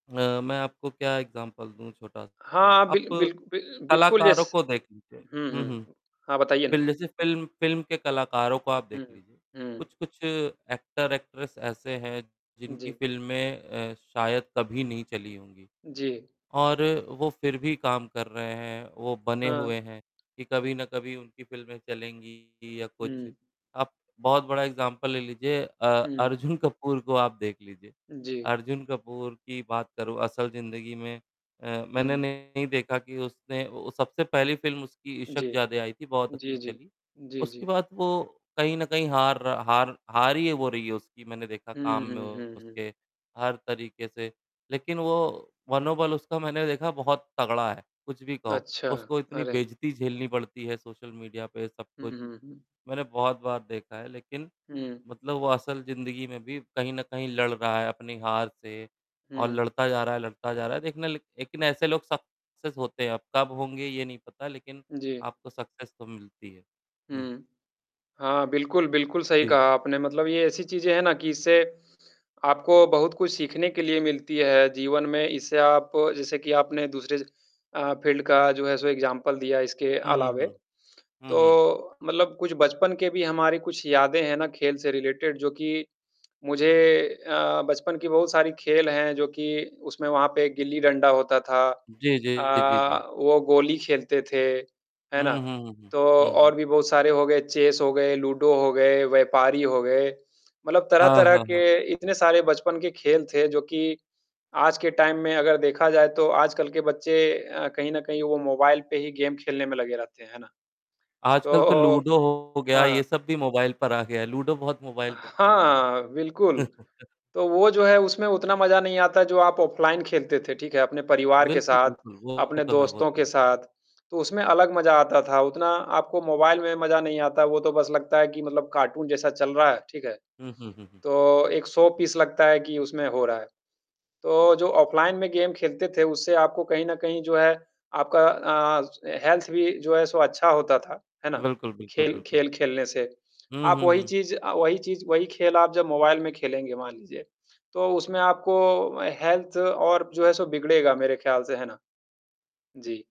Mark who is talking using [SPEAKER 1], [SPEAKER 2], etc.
[SPEAKER 1] अ, मैं आपको क्या एग्ज़ाम्पल दूँ छोटा-सा,
[SPEAKER 2] हाँ,
[SPEAKER 1] आप
[SPEAKER 2] बिल बिल बिल बिल्कुल
[SPEAKER 1] कलाकारों
[SPEAKER 2] यस।
[SPEAKER 1] को देख लीजिए।
[SPEAKER 2] हुँ,
[SPEAKER 1] हुँ, हुँ।
[SPEAKER 2] हुँ। हाँ, बताइये ना।
[SPEAKER 1] [unintelligible] फ़िल्म फ़िल्म के कलाकारों को आप
[SPEAKER 2] उ,
[SPEAKER 1] देख
[SPEAKER 2] हुँ,
[SPEAKER 1] लीजिए।
[SPEAKER 2] हुँ।
[SPEAKER 1] कुछ-कुछ एक्टर एक्ट्रेस ऐसे हैं जिनकी
[SPEAKER 2] जी।
[SPEAKER 1] फ़िल्में अ, शायद कभी नहीं चली होंगी
[SPEAKER 2] जी।
[SPEAKER 1] और वो फिर भी काम कर रहे है, वो बने
[SPEAKER 2] हाँ।
[SPEAKER 1] हुए है कि कभी ना कभी उनकी फ़िल्में चलेंगी या कुछ
[SPEAKER 2] हुँ।
[SPEAKER 1] आप बहुत बड़ा एग्ज़ाम्पल ले लीजिए अ,
[SPEAKER 2] हुँ।
[SPEAKER 1] अर्जुन कपूर को आप देख लीजिये।
[SPEAKER 2] जी।
[SPEAKER 1] अर्जुन कपूर की बात करूँ, असल जिंदगी में अ, मैंने
[SPEAKER 2] हुँ।
[SPEAKER 1] नहीं देखा कि उसने ओ सबसे पहली फ़िल्म उसकी
[SPEAKER 2] जी,
[SPEAKER 1] इशकजादे आई थी बहुत
[SPEAKER 2] जी,
[SPEAKER 1] अच्छी
[SPEAKER 2] जी,
[SPEAKER 1] चली।
[SPEAKER 2] जी,
[SPEAKER 1] उसके
[SPEAKER 2] जी।
[SPEAKER 1] बाद वो कहीं न कहीं हार रहा हार हार ही है वो रही हो रही है उसकी मैंने देखा
[SPEAKER 2] हुँ,
[SPEAKER 1] काम में
[SPEAKER 2] हुँ, हुँ, हुँ।
[SPEAKER 1] उसके, हर तरीके से। लेकिन वो मनोबल उसका मैंने देखा बहुत तगड़ा है, कुछ भी कहो
[SPEAKER 2] अच्छा,
[SPEAKER 1] उसको इतनी
[SPEAKER 2] अरे!
[SPEAKER 1] बेइज्जती झेलनी पड़ती है सोशल मीडिया पे सब
[SPEAKER 2] हुँ,
[SPEAKER 1] कुछ।
[SPEAKER 2] हुँ, हुँ।
[SPEAKER 1] मैंने बहुत बार देखा है लेकिन
[SPEAKER 2] हुँ।
[SPEAKER 1] मतलब वो असल जिंदगी में भी कहीं न कहीं लड़ रहा है अपनी हार से और
[SPEAKER 2] हुँ।
[SPEAKER 1] लड़ता जा रहा है लड़ता जा रहा है। देखना लेक लेकिन ऐसे लोग सक्सेस होते हैं अब कब होंगे ये नहीं पता लेकिन
[SPEAKER 2] जी।
[SPEAKER 1] आपको सक्सेस तो मिलती है।
[SPEAKER 2] हुँ। हाँ, बिल्कुल, बिल्कुल सही
[SPEAKER 1] जी।
[SPEAKER 2] कहा आपने। मतलब ये ऐसी चीज़ें है ना कि इससे आपको बहुत कुछ सीखने के लिए मिलती है जीवन में इससे आप जैसे कि आपने दूसरे अ, फ़ील्ड का जो है सो एग्ज़ाम्पल दिया इसके
[SPEAKER 1] हुँ, हुँ,
[SPEAKER 2] अलावे।
[SPEAKER 1] हुँ। हुँ,
[SPEAKER 2] तो
[SPEAKER 1] हुँ।
[SPEAKER 2] मतलब कुछ बचपन के भी हमारे कुछ यादें हैं ना खेल से रिलेटेड जो कि मुझे अ, बचपन की बहुत सारी खेल हैं जो कि उसमें वहाँ पे गिल्ली-डंडा होता था।
[SPEAKER 1] जी, जी, जी, जी।
[SPEAKER 2] अ, वो गोली खेलते थे। है ना?
[SPEAKER 1] हुँ, हुँ, हुँ, हुँ।
[SPEAKER 2] तो
[SPEAKER 1] हुँ, हुँ।
[SPEAKER 2] और भी बहुत सारे हो गए, चेस हो गए, लूडो हो गए, व्यापारी हो गए। मतलब
[SPEAKER 1] हाँ,
[SPEAKER 2] तरह-तरह
[SPEAKER 1] हाँ,
[SPEAKER 2] के
[SPEAKER 1] हाँ।
[SPEAKER 2] इतने सारे बचपन के खेल थे जो कि आज के टाइम में अगर देखा जाए तो आजकल के बच्चे अ, कहीं न कहीं वो मोबाइल पे ही गेम खेलने में लगे रहते हैं। है ना?
[SPEAKER 1] आजकल तो
[SPEAKER 2] तो
[SPEAKER 1] लूडो हो गया ये
[SPEAKER 2] हाँ।
[SPEAKER 1] सब भी मोबाइल पर आ गया है लूडो बहुत मोबाइल पर खिलाया था हमें।
[SPEAKER 2] हाँ, बिल्कुल। तो वो जो है उसमें उतना मजा नहीं आता जो आप ऑफलाइन खेलते थे, ठीक है। अपने परिवार के
[SPEAKER 1] बिल्कुल,
[SPEAKER 2] साथ,
[SPEAKER 1] बिल्कुल। वो
[SPEAKER 2] अपने
[SPEAKER 1] तो है वो
[SPEAKER 2] दोस्तों
[SPEAKER 1] तो
[SPEAKER 2] के
[SPEAKER 1] है।
[SPEAKER 2] साथ। तो उसमें अलग मज़ा आता था। उतना आपको मोबाइल में मज़ा नहीं आता। वो तो बस लगता है कि मतलब कार्टून जैसा चल रहा है। ठीक है।
[SPEAKER 1] हुँ, हुँ, हुँ, हुँ।
[SPEAKER 2] तो एक शो-पीस लगता है कि उसमें हो रहा है। तो जो ऑफलाइन में गेम खेलते थे, उससे आपको कहीं न कहीं जो है आपका अ, हेल्थ भी जो है सो अच्छा होता था। है ना?
[SPEAKER 1] बिल्कुल, बिल्कुल,
[SPEAKER 2] खेल
[SPEAKER 1] बिल्कुल।
[SPEAKER 2] खेल खेलने से।
[SPEAKER 1] हुँ,
[SPEAKER 2] आप
[SPEAKER 1] हुँ,
[SPEAKER 2] वही
[SPEAKER 1] हुँ।
[SPEAKER 2] चीज़ अ, वही चीज़, वही खेल आप जब मोबाइल में खेलेंगे मान लीजिए। तो उसमें आपको हेल्थ और जो है सो बिगड़ेगा मेरे ख्याल से, है ना? जी।